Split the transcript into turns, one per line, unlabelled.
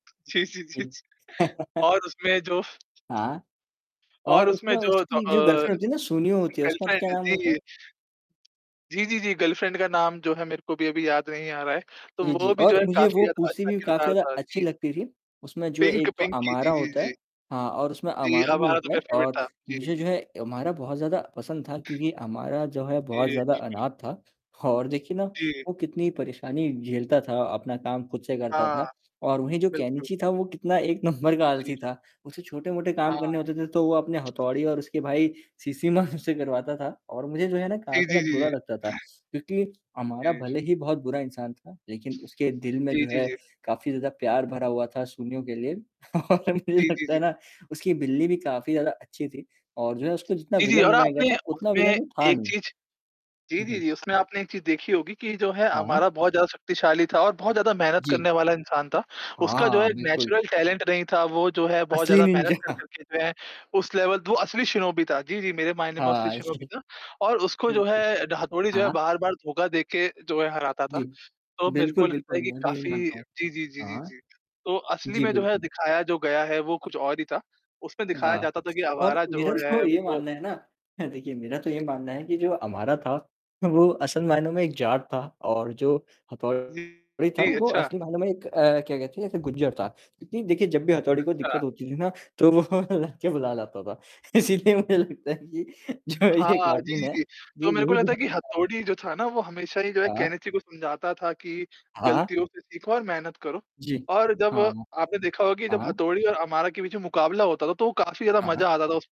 जी, जी,
जी।
जी, जी। और उसमें जो
हाँ। और
और उसमें
उसमें
जो तो
उसकी जो
अ,
गर्लफ्रेंड होती है ना, सुनिओ होती है, उसका क्या
गर्लफ्रेंड
नाम होता है?
जी। जी, जी, जी, गर्लफ्रेंड का नाम जो है मेरे को भी अभी याद नहीं आ रहा है। तो
जी, जी,
वो भी जो
और
है
मुझे
काफ़ी
वो
ज़्यादा
पूसी
अच्छा
भी काफ़ी
किरदार
ज़्यादा
था।
अच्छी
जी।
लगती थी। उसमें जो
पिंक
एक तो
पिंकी,
अमारा
जी, जी,
होता है
जी।
हाँ और उसमें
जी,
अमारा भी
अमारा तो
होता है
मेरा फ़ेवरेट
और
था। जी।
मुझे जो है अमारा बहुत ज़्यादा पसंद था, क्योंकि अमारा जो है बहुत
जी,
ज़्यादा
बिल्कुल।
अनाथ था। और देखिए ना,
जी।
वो कितनी परेशानी झेलता था, अपना काम खुद से करता
हाँ।
था, और वहीं जो
बिल्कुल।
केनिची था वो कितना एक नंबर का आलसी
जी।
था। उसे छोटे-मोटे काम करने
हाँ।
होते थे तो वो अपने हथौड़ी और उसके भाई शिशिमारू से करवाता था, और मुझे जो है ना
जी,
कराता था,
जी, जी,
बुरा
जी।
लगता था, क्योंकि अमारा
जी।
भले ही बहुत बुरा इंसान था, लेकिन उसके दिल में जो
जी, जी,
है
जी।
काफ़ी ज़्यादा प्यार भरा हुआ था सुनिओ के लिए। और मुझे
जी, जी,
लगता है
जी।
ना, उसकी बिल्ली भी काफ़ी ज़्यादा अच्छी थी और जो है उसको जितना
जी, जी,
विलन
और
बनाया गया
आपने
था, उतना
उसमें
विलन वो था
एक
नहीं।
चीज़ जी,
हुँ,
जी,
हुँ।
जी, उसमें आपने एक चीज़ देखी होगी कि जो है,
हाँ।
अमारा बहुत ज़्यादा शक्तिशाली था और बहुत ज़्यादा मेहनत करने
जी।
वाला इंसान था।
हाँ,
उसका जो है
हाँ, बिल्कुल।
नेचुरल टैलेंट नहीं था, वो जो है बहुत
असली
ज़्यादा मेहनत
निंजा।
कर-कर के जो है, उस लेवल दो असली शिनोबी था। जी, जी, मेरे मायने में वो असली
हाँ जी।
शिनोबी था, और उसको जो
बिल्कुल।
है, ढ़ा हतोड़ी जो है
हाँ।
बार-बार धोखा देके जो है हराता था।
जी।
तो मेरे
बिल्कुल,
को लगता
बिल्कुल,
है कि
मैं भी यही
काफ़ी
मानता हूँ।
जी, जी, जी, जी,
हाँ।
जी। तो असली
जी,
में जो है
बिल्कुल।
दिखाया जो गया है वो कुछ और ही था। उसमें दिखाया
हाँ।
जाता था कि
और
अवारा
मेरा
जो है
तो ये
वो
मानना है ना देखिए, मेरा तो ये मानना है कि जो अमारा था, वो असल मायनों में एक जाट था और जो
जी।
हथौड़ी था
जी,
वो
अच्छा।
असली मायनो मैं एक अ, क्या कहते हैं जैसे गुर्जर था। क्योंकि देखिए जब भी हथौड़ी को
अच्छा।
दिक्कत होती थी ना, तो वो लड़के बुला लाता था। इसीलिए मुझे लगता है कि जो है ये
हाँ, जी,
कार्टून
जी,
है,
जी,
ये
तो मेरे को
यही
लगता है कि
दिखाना चाह
हथौड़ी जो था ना, वो हमेशा ही जो है
हाँ।
केनिची को समझाता था कि,
हाँ, हाँ।
गलतियों से सीखो और मेहनत करो।
जी।
और जब
हाँ।
आपने देखा होगा कि जब
हाँ।
हथौड़ी और अमारा के बीच मुकाबला होता था तो काफ़ी ज़्यादा
हाँ, हाँ।
मज़ा आता था उस